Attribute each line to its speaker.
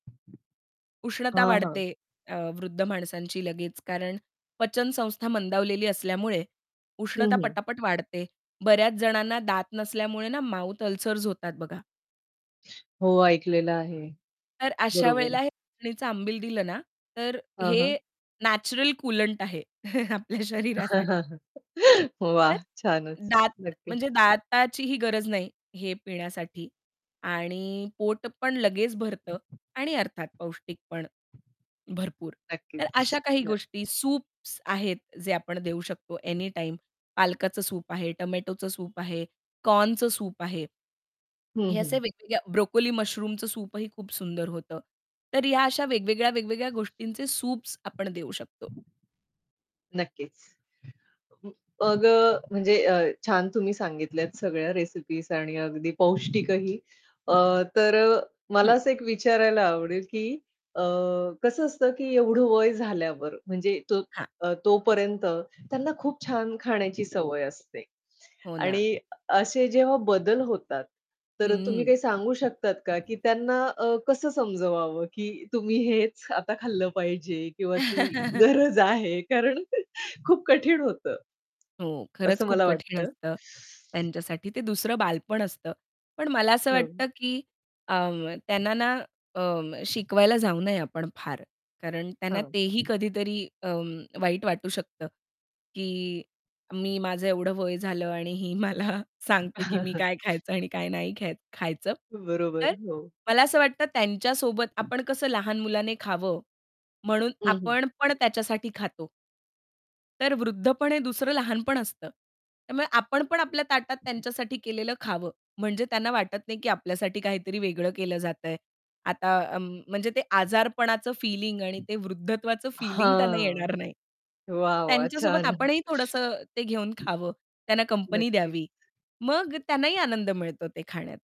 Speaker 1: उष्णता
Speaker 2: हां, हां.
Speaker 1: वाढते, अ, वृद्ध माणसांची लगेच, कारण पचन संस्था मंदावलेली असल्यामुळे
Speaker 2: हं,
Speaker 1: उष्णता
Speaker 2: हं.
Speaker 1: पटापट वाढते. बऱ्याच जणांना दात नसल्यामुळे ना माउथ अल्सर्स होतात बघा.
Speaker 2: हो, ऐकलेलं आहे.
Speaker 1: तर अशा
Speaker 2: बरोबर.
Speaker 1: वेळेला हे नाचणीचं आंबील दिलं ना, तर
Speaker 2: हं, हं.
Speaker 1: हे नॅचरल कुलंट आहे, आपल्या शरीरासाठी. तर
Speaker 2: वाह! छानच.
Speaker 1: दात
Speaker 2: नक्की.
Speaker 1: म्हणजे दाताचीही गरज नाही हे पिण्यासाठी आणि पोट पण लगेच भरतं आणि अर्थात पौष्टिक पण भरपूर. तर
Speaker 2: नक्कीच.
Speaker 1: अशा काही
Speaker 2: [unintelligible]
Speaker 1: गोष्टी. सूप्स आहेत, जे आपण देऊ शकतो एनीटाईम. पालकाचं सूप आहे, टोमॅटोचं सूप आहे, कॉर्नचं सूप आहे.
Speaker 2: हं,
Speaker 1: हे असे
Speaker 2: हं.
Speaker 1: वेगवेगळ्या ब्रोकोली मुशरूमचं सूपही खूप सुंदर होतं. तर या अशा वेगवेगळ्या-वेगवेगळ्या गोष्टींचे सूप्स आपण देऊ शकतो.
Speaker 2: नक्कीच. मग अ, म्हणजे अ, छान तुम्ही सांगितल्यात सगळ्या रेसिपीज आणि अगदी पौष्टिकही. अ, तर मला
Speaker 1: हं.
Speaker 2: असं एक विचारायला आवडेल, की अ, कसं असतं, की एवढं वय झाल्यावर म्हणजे तो
Speaker 1: हां.
Speaker 2: अ, तोपर्यंत त्यांना खूप छान खाण्याची सवय असते.
Speaker 1: हो ना.
Speaker 2: आणि अ, असे जेव्हा बदल होतात, तर तुम्ही
Speaker 1: हं.
Speaker 2: काही सांगू शकतात का, की त्यांना अ, कसं समजवावं, की तुम्ही हेच आता खाल्लं पाहिजे, किंवा ती गरज आहे कारण खूप कठीण होतं.
Speaker 1: हो. खरंच
Speaker 2: असं
Speaker 1: खूप
Speaker 2: मला
Speaker 1: कठीण
Speaker 2: वाटतं.
Speaker 1: असतं त्यांच्यासाठी, ते दुसरं बालपण असतं. पण मला असं
Speaker 2: हो.
Speaker 1: वाटतं, की अ, त्यांना ना अ, शिकवायला जाऊ नये आपण फार. कारण त्यांना
Speaker 2: हं.
Speaker 1: तेही कधीतरी अ, वाईट वाटू शकतं, की मी माझं एवढं वय झालं आणि ही मला सांगते, की मी काय खायचं आणि काय नाही ख्या खायचं. तर
Speaker 2: बरोबर. हो.
Speaker 1: मला असं वाटतं त्यांच्यासोबत आपण कसं लहान मुलाने खावं म्हणून,
Speaker 2: हं, हं.
Speaker 1: आपण पण त्याच्यासाठी खातो. तर वृद्धपण हे दुसरं लहानपण असतं. त्यामुळे आपण पण आपल्या ताटात त्यांच्यासाठी केलेलं खावं. म्हणजे त्यांना वाटत नाही, की आपल्यासाठी काहीतरी वेगळं केलं जात आहे. आता अ, म म्हणजे ते आजारपणाचं फीलिंग आणि ते वृद्धत्वाचं फीलिंग त्यांना
Speaker 2: हां,
Speaker 1: येणार नाही.
Speaker 2: वाह! वाह!
Speaker 1: त्यांच्यासोबत
Speaker 2: छान.
Speaker 1: आपणही थोडसं ते घेऊन खावं त्यांना कंपनी
Speaker 2: नक्कीच.
Speaker 1: द्यावी. मग त्यांनाही आनंद मिळतो ते खाण्यात.